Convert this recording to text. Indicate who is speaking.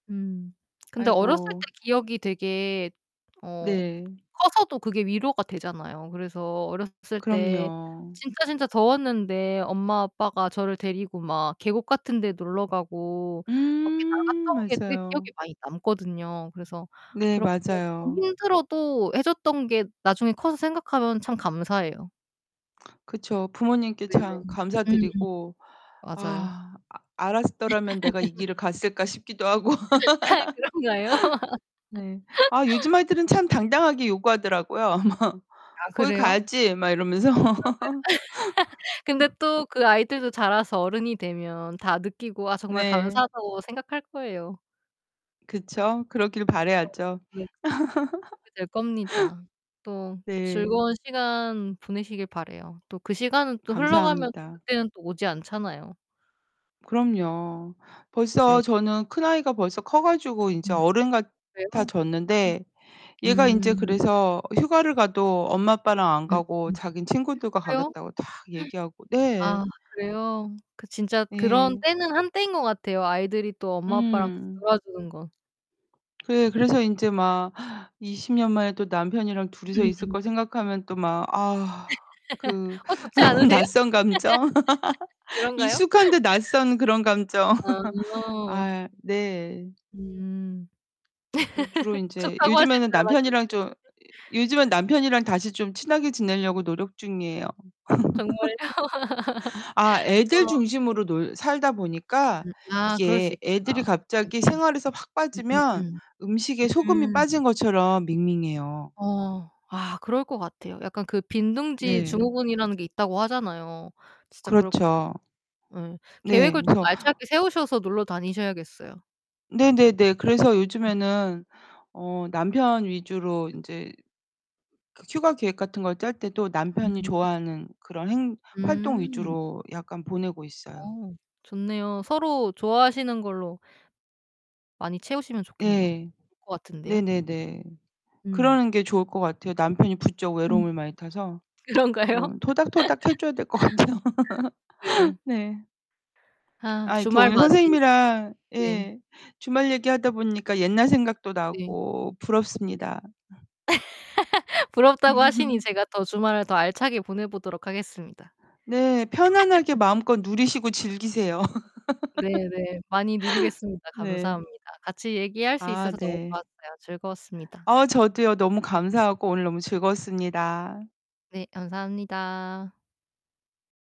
Speaker 1: 음 근데 어렸을 때
Speaker 2: 아이고.
Speaker 1: 기억이 되게 어
Speaker 2: 네.
Speaker 1: 커서도 그게 위로가 되잖아요. 그래서 어렸을 때
Speaker 2: 그럼요.
Speaker 1: 진짜, 진짜 더웠는데 엄마 아빠가 저를 데리고 막 계곡 같은 데 놀러가고 밖에
Speaker 2: 음.
Speaker 1: 나갔던 게 되게 기억에
Speaker 2: 맞아요.
Speaker 1: 많이 남거든요. 그래서
Speaker 2: 네
Speaker 1: 그렇게 쪼끔
Speaker 2: 맞아요.
Speaker 1: 힘들어도 해 줬던 게 나중에 커서 생각하면 참 감사해요.
Speaker 2: 그쵸. 부모님께
Speaker 1: 네네.
Speaker 2: 참 감사
Speaker 1: 음음.
Speaker 2: 드리고.
Speaker 1: 맞아요.
Speaker 2: 아 '아 알았더라면 내가 이 길을 갔을까.' 싶기도 하고.
Speaker 1: 아 그런가요?
Speaker 2: 네. 아 요즘 아이들은 참 당당하게 요구하더라고요.
Speaker 1: 아
Speaker 2: "거기
Speaker 1: 그래요?
Speaker 2: 가야지." 막 이러면서.
Speaker 1: 그런가요? 근데 또 그 아이들도 자라서 어른이 되면 다 느끼고 아 정말
Speaker 2: 네.
Speaker 1: 감사하다고 생각할 거예요.
Speaker 2: 그쵸. 그러길
Speaker 1: 그쵸.
Speaker 2: 바라야죠.
Speaker 1: 네. 그렇게 될 겁니다. 또
Speaker 2: 네.
Speaker 1: 즐거운 시간 보내시길 바라요. 또 그 시간은 또 흘러가면
Speaker 2: 감사합니다.
Speaker 1: 그때는 또 오지 않잖아요.
Speaker 2: 그럼요.
Speaker 1: 네.
Speaker 2: 벌써 저는 큰 아이가 벌써 커 가지고 인제
Speaker 1: 음
Speaker 2: 어른
Speaker 1: 그래요? 음.
Speaker 2: 같아졌는데 얘가 인제
Speaker 1: 음.
Speaker 2: 그래서 휴가를 가도 엄마 아빠랑 안
Speaker 1: 음
Speaker 2: 가고
Speaker 1: 음
Speaker 2: 자기는 친구들과
Speaker 1: 그래요?
Speaker 2: 가겠다고 탁 얘기하고
Speaker 1: 아
Speaker 2: 네.
Speaker 1: 그래요? 그 진짜 그런
Speaker 2: 예.
Speaker 1: 때는 한 때인 것 같아요. 아이들이 또 엄마 아빠랑 같이
Speaker 2: 음.
Speaker 1: 놀아 주는 건.
Speaker 2: 그래 그래서 인제 막 20 년 만에 또 남편이랑 둘이서 있을 거 생각하면 또 막 아 그
Speaker 1: 어 좋지 않으세요?
Speaker 2: 낯선 감정.
Speaker 1: 그런가요?
Speaker 2: 익숙한데 낯선 그런 감정.
Speaker 1: 아.
Speaker 2: 아 네.
Speaker 1: 음.
Speaker 2: 이 주로 인제
Speaker 1: 좋다고 하실
Speaker 2: 요즘에는
Speaker 1: 줄
Speaker 2: 남편이랑
Speaker 1: 알았는데.
Speaker 2: 좀 요즘에는 남편이랑 다시 좀 친하게 지내려고 노력 중이에요.
Speaker 1: 정말요?
Speaker 2: 아 애들
Speaker 1: 어.
Speaker 2: 중심으로 놀 살다 보니까
Speaker 1: 음 아 그럴 수
Speaker 2: 이게 애들이
Speaker 1: 있겠다.
Speaker 2: 갑자기
Speaker 1: 네네.
Speaker 2: 생활에서 확
Speaker 1: 음 음
Speaker 2: 빠지면
Speaker 1: 음.
Speaker 2: 음식에 소금이
Speaker 1: 음.
Speaker 2: 빠진 것처럼 밍밍해요.
Speaker 1: 어 아 그럴 것 같아요. 약간 그 빈둥지
Speaker 2: 네.
Speaker 1: 증후군이라는 게 있다고 하잖아요. 진짜 그럴 것
Speaker 2: 그렇죠.
Speaker 1: 예
Speaker 2: 네
Speaker 1: 계획을 좀
Speaker 2: 그래서
Speaker 1: 알차게 세우셔서 놀러 다니셔야겠어요.
Speaker 2: 네네네. 그래서
Speaker 1: 음.
Speaker 2: 요즘에는 어 남편 위주로 인제 그 휴가 계획 같은 걸 짤 때도 남편이
Speaker 1: [unintelligible]
Speaker 2: 좋아하는 그런 행 활동
Speaker 1: 음.
Speaker 2: 위주로 약간 보내고 있어요.
Speaker 1: 어 좋네요. 서로 좋아하시는 걸로 많이 채우시면 좋겠네요.
Speaker 2: 네.
Speaker 1: [unintelligible] 것 같은데요.
Speaker 2: 네네네.
Speaker 1: 음.
Speaker 2: 그러는 게 좋을 것 같아요. 남편이 부쩍
Speaker 1: 음.
Speaker 2: 외로움을 많이 타서.
Speaker 1: 그런가요?
Speaker 2: 좀 토닥토닥 해 줘야 될 것 같아요.
Speaker 1: 네.
Speaker 2: 네.
Speaker 1: 아
Speaker 2: 아 이렇게
Speaker 1: 주말
Speaker 2: 오늘
Speaker 1: 맞이 이렇게
Speaker 2: 선생님이랑
Speaker 1: 네.
Speaker 2: 예 주말 얘기하다 보니까 옛날 생각도
Speaker 1: 네.
Speaker 2: 나고 부럽습니다.
Speaker 1: 부럽다고 하시니 제가 더 주말을 더 알차게 보내 보도록 하겠습니다.
Speaker 2: 네, 편안하게 마음껏 누리시고 즐기세요.
Speaker 1: 네네. 많이 누리겠습니다.
Speaker 2: 네.
Speaker 1: 감사합니다. 같이 얘기할 수
Speaker 2: 아
Speaker 1: 있어서 너무
Speaker 2: 네.
Speaker 1: 좋았어요. 즐거웠습니다.
Speaker 2: 아 저도요. 너무 감사하고 오늘 너무 즐거웠습니다.
Speaker 1: 네 감사합니다.